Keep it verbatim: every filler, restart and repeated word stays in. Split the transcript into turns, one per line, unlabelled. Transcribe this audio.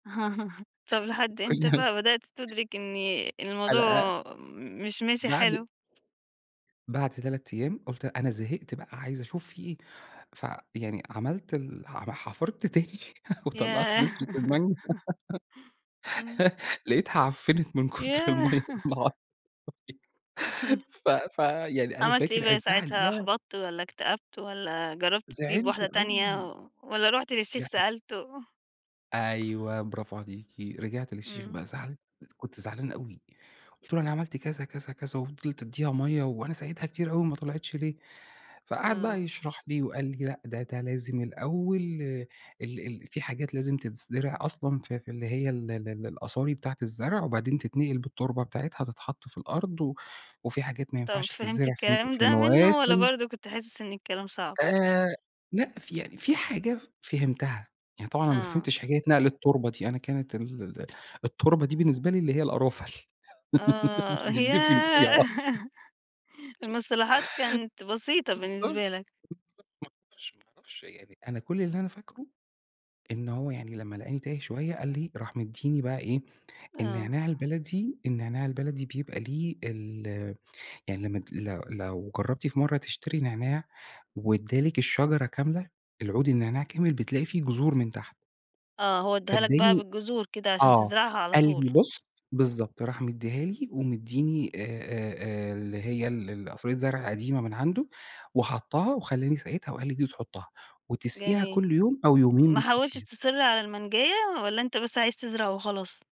طَب لحد إمتى
كلها
بقى بدأت تدرك إني
حلقة
الموضوع مش ماشي
بَعد
حلو؟
بعد تلات أيام قُلت أنا زهقت بقى عايزة أشوف في إيه، فيعني عملت ال حم أنا حفرت تاني وطلّعت
ياه!
بذرة المانجا،
إمم.
لقيتها عفّنت من كتر المَيّة
ياه.
والله أعلم ف ف يعني أنا
عملت إيه
فاكر
بقى
الزعل،
ساعتها،
ياه!
أُحبطت والّا اكتأبت والّا جربت تجيب
زعلت
واحدة تانية
أوي.
و والّا رُحت للشيخ
لأ از
سألته؟
أيوه برافو عليكِ رجعت للشيخ
إمم.
بقى زعل كنت زعلان أوي قُلت له أنا عملت كذا، كذا، كذا، وفضلت أدّيها مَيّة وأنا سقيتها كتير أوي وما طلعتش ليه؟ فقعد بقى
إمم.
يشرح لي، وقال لي: "لأ ده ده لازم الأول ال ال في حاجات لازم تتزرع أصلًا في في اللي هي ال ال الأصاري بتاعة الزرع وبعدين تتنقل بالتربة بتاعتها تتحط في الأرض و وفي حاجات ما
طَب
ينفعش
فهمت
تتزرع في الن
الكلام
في
ده مِنّه، والّا
مواسم."
برضه كنت حاسس إن الكلام صعب؟
آآ، لأ في يعني في حاجة فهمتها، يعني طبعًا أنا ما
آه.
فهمتش حكاية نقل التربة دي، أنا كانت ال ال التربة دي بالنسبة لي اللي هي القرافة، ل الناس
آه،
بتدفن فيها،
ياه!
آه.
المصطلحات كانت بسيطة
بالضبط،
بالنسبة
بالضبط،
لك.
ما اعرفش، ما اعرفش، يعني أنا كل اللي أنا فاكره إن هو يعني لمّا لقاني تايه شوية قال لي راح مدّيني بقى إيه،
آه.
النعناع البلدي، النعناع البلدي بيبقى ليه ال يعني لمّا ت لو لو جرّبتي في مرة تشتري نعناع وإدّى لِك الشجرة كاملة، العود النعناع كامل، بتلاقي في جذور من تحت.
آه، هو إدّاها لك بقى
فاداني
بالجذور كده، عشان
آه،
تزرعها على
قال
طول.
لي بُص بالضبط، راح مدّيها لي ومدّيني آآ، آآ، آآ، اللي هي ال ال قصرية زرع قديمة من عنده وحطها وخلّاني سقيتها وقال لي: "دي تحطها، وتسقيها
جميل،
كل يوم أو يومين
ما حاولتس
بالكتير."
تصر على المانجاية، والّا أنت بس عايز تزرع وخلاص؟